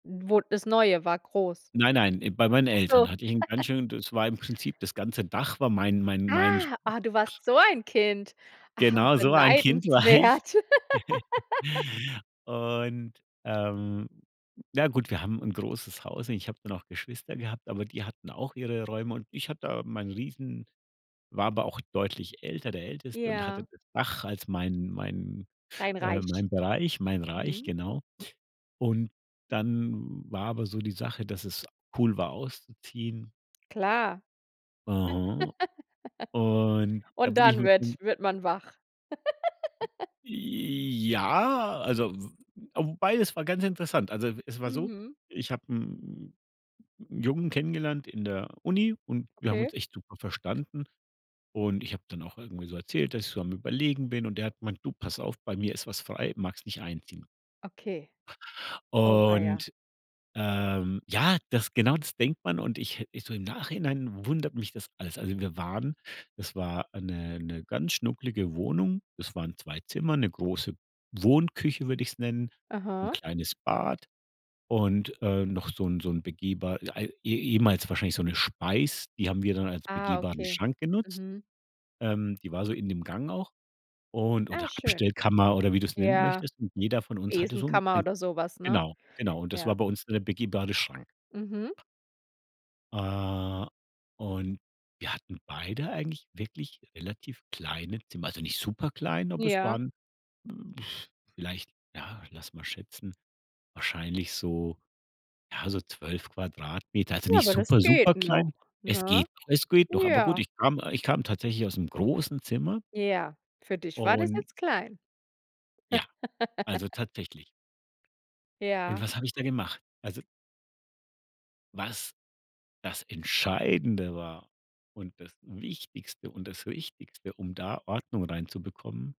Wo das Neue war groß? Nein, nein, im bei meinen Ach Eltern so. hatte ich 'n ganz schön das war im Prinzip das ganze Dach war mein mein mein sch Ah, ah, du warst so ein Kind. Ah, Genau so ein Kind war ich. beneidenswert. Und, ähm, na ja, gut, wir haben 'n großes Haus und ich habe dann auch Geschwister gehabt, aber die hatten auch ihre Räume. Und ich hatte da meinen riesen war aber auch deutlich älter, der Älteste und hatte Ja. das Dach als meinen meinen, Dein äh Reich. meinen Bereich, mein Reich, Mhm. genau. Und dann war aber so die Sache, dass es cool war auszuziehen. Klar. Aha. Und dann Und bin ich dann mit dem wird wird man wach. Ja, also w a wobei, es war ganz interessant. Also, e es war so, Mhm. ich habe 'n 'n 'n Jungen kennengelernt in der Uni und wir haben Okay. uns echt super verstanden. Und ich habe dann auch irgendwie so erzählt, dass ich so am Überlegen bin. Und der hat gemeint: „Du, pass auf, bei mir ist was frei, magst nicht einziehen?“ Okay, oh weia. Und, ähm, ja, das genau das denkt man und ich he ich so im Nachhinein wundert mich das alles. Also, wir waren das war 'ne 'ne ganz schnuckelige Wohnung. Das waren 2 Zimmer, 'ne große Wohnküche würde ich's nennen, 'n Aha. kleines Bad und, äh, noch so 'n so 'n begehbar äh, ei e ehemals wahrscheinlich so 'ne Speis, die haben wir dann als Ah, begehbaren okay. Schrank genutzt. Mhm. Ähm, die war so in dem Gang auch und Ah oder schön. Abstellkammer oder wie du's nennen Ja. möchtest. Und jeder von uns hatte so 'n Besenkammer ein oder so was, ne? genau, genau. Und das war Ja. bei uns dann der begehbare Schrank. Mhm. Äh, und wir hatten beide eigentlich wirklich relativ kleine Zimmer, also nicht super klein, aber es Ja. waren vielleicht ja, lass mal schätzen, wahrscheinlich so ja, so 12 Quadratmeter, also Ja, nicht aber das super, super geht noch, klein. Es geht ne? noch, es geht noch. Aber gut, Ja. ich kam ich kam tatsächlich ausm großen Zimmer Ja, für dich war das und jetzt klein. ja, also tatsächlich. Und Ja. was habe ich da gemacht? Also was das Entscheidende war und das Wichtigste und das Wichtigste, um da Ordnung reinzubekommen